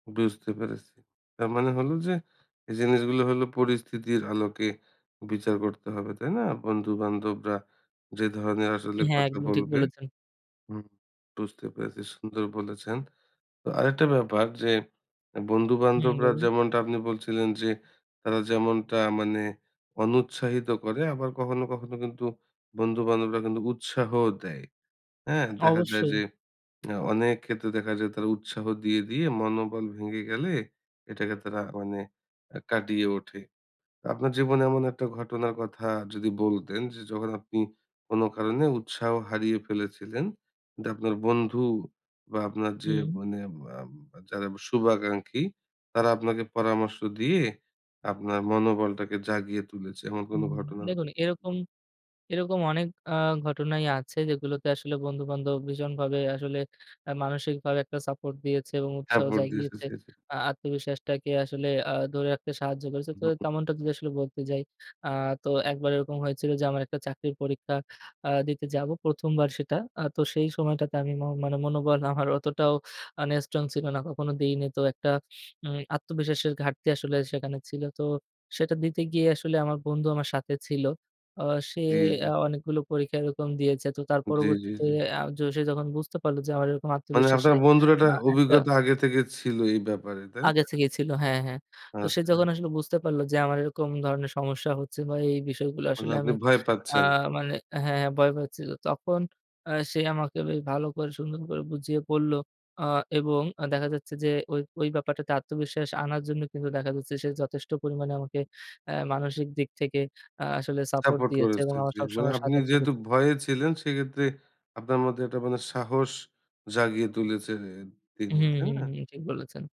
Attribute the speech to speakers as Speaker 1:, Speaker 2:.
Speaker 1: বুঝতে পেরেছি। তার মানে হলো যে, এই জিনিসগুলো হলো পরিস্থিতির আলোকে বিচার করতে হবে, তাই না? বন্ধু-বান্ধবরা যে, ধরনের আসলে
Speaker 2: হ্যাঁ,
Speaker 1: কথা
Speaker 2: একদম ঠিক
Speaker 1: বলবে
Speaker 2: বলেছেন।
Speaker 1: হুম, বুঝতে পেরেছি, সুন্দর বলেছেন। তো আরেকটা ব্যাপার যে,
Speaker 2: হুম,
Speaker 1: বন্ধু-বান্ধবরা
Speaker 2: বলুন?
Speaker 1: যেমনটা আপনি বলছিলেন যে, তারা যেমনটা মানে অনুৎসাহিত করে, আবার কখনো, কখনো কিন্তু বন্ধু-বান্ধবরা কিন্তু উৎসাহ দেয়। হ্যাঁ? দেখা যায় যে,
Speaker 2: অবশ্যই।
Speaker 1: আ অনেক ক্ষেত্রে দেখা যায় তারা উৎসাহ দিয়ে, দিয়ে মনোবল ভেঙে গেলে, এটাকে তারা মানে আ কাটিয়ে ওঠে। আপনার জীবনে এমন একটা ঘটনার কথা যদি বলতেন যে, যখন আপনি কোনো কারণে উৎসাহ হারিয়ে ফেলেছিলেন, কিন্তু আপনার বন্ধু বা আপনার যে,
Speaker 2: হুম।
Speaker 1: মানে বাবা যারা শুভাকাঙ্খী, তারা আপনাকে পরামর্শ দিয়ে, আপনার মনোবলটাকে জাগিয়ে তুলেছে? এমন কোন
Speaker 2: হুম।
Speaker 1: ঘটনার
Speaker 2: দেখুন
Speaker 1: কথা
Speaker 2: এরকম, এরকম আ অনেক ঘটনাই আছে যেগুলোতে আসলে বন্ধু-বান্ধব ভীষণভাবে আসলে, আ মানসিকভাবে একটা সাপোর্ট দিয়েছে এবং উৎসাহ
Speaker 1: সাপোর্ট দিয়েছে
Speaker 2: জাগিয়েছে।
Speaker 1: জি, জি।
Speaker 2: আ আত্মবিশ্বাসটাকে আসলে আ ধরে রাখতে সাহায্য করেছে। তো
Speaker 1: হুম।
Speaker 2: তেমনটা যদি আসলে বলতে যাই। আ তো একবার এরকম হয়েছিল যে, আমার একটা চাকরির পরীক্ষা আ দিতে যাবো, প্রথমবার সেটা। তো সেই সময়টাতে আমি মন মানে মনোবল আমার অতটাও মানে স্ট্রং ছিল না। কখনো দেইনি। তো একটা উম আত্মবিশ্বাসের ঘাটতি আসলে সেখানে ছিল। তো সেটা দিতে গিয়ে আসলে আমার বন্ধু আমার সাথে ছিল। আ সে
Speaker 1: জি, জি।
Speaker 2: আ অনেকগুলো পরীক্ষা এরকম দিয়েছে। তো তার
Speaker 1: জি, জি,
Speaker 2: পরবর্তীতে,
Speaker 1: জি।
Speaker 2: আ সে যখন বুঝতে পারলো যে, আমার এরকম
Speaker 1: মানে আপনার
Speaker 2: আত্মবিশ্বাসে,
Speaker 1: বন্ধুর একটা
Speaker 2: আ একটা
Speaker 1: অভিজ্ঞতা আগে থেকে ছিল এই ব্যাপারে, তাই না?
Speaker 2: আগে থেকেই ছিল। হ্যাঁ, হ্যাঁ। তো সে
Speaker 1: আচ্ছা।
Speaker 2: যখন আসলে বুঝতে পারলো যে, আমার এরকম ধরনের সমস্যা হচ্ছে বা এই বিষয়গুলো
Speaker 1: মানে
Speaker 2: আসলে
Speaker 1: আপনি
Speaker 2: আমি
Speaker 1: ভয়
Speaker 2: আ
Speaker 1: পাচ্ছেন।
Speaker 2: মানে হ্যাঁ, হ্যাঁ, ভয় পাচ্ছিল। তখন আ সে আমাকে বে ভালো করে, সুন্দর করে বুঝিয়ে বলল। আ এবং দেখা যাচ্ছে যে, ওই, ওই ব্যাপারটাতে আত্মবিশ্বাস আনার জন্য কিন্তু দেখা যাচ্ছে, সে যথেষ্ট পরিমাণে আমাকে অ্যা মানসিক দিক থেকে, আ আসলে সাপোর্ট
Speaker 1: সাপোর্ট
Speaker 2: দিয়েছে
Speaker 1: করেছে,
Speaker 2: এবং আমার
Speaker 1: জি। মানে
Speaker 2: সবসময়
Speaker 1: আপনি
Speaker 2: সাথে
Speaker 1: যেহেতু
Speaker 2: থেকেছে।
Speaker 1: ভয়ে ছিলেন, সেক্ষেত্রে আপনার মধ্যে একটা মানে সাহস জাগিয়ে তুলেছে তিনি
Speaker 2: হুম,
Speaker 1: তাই
Speaker 2: হুম,
Speaker 1: না?
Speaker 2: হুম, ঠিক বলেছেন।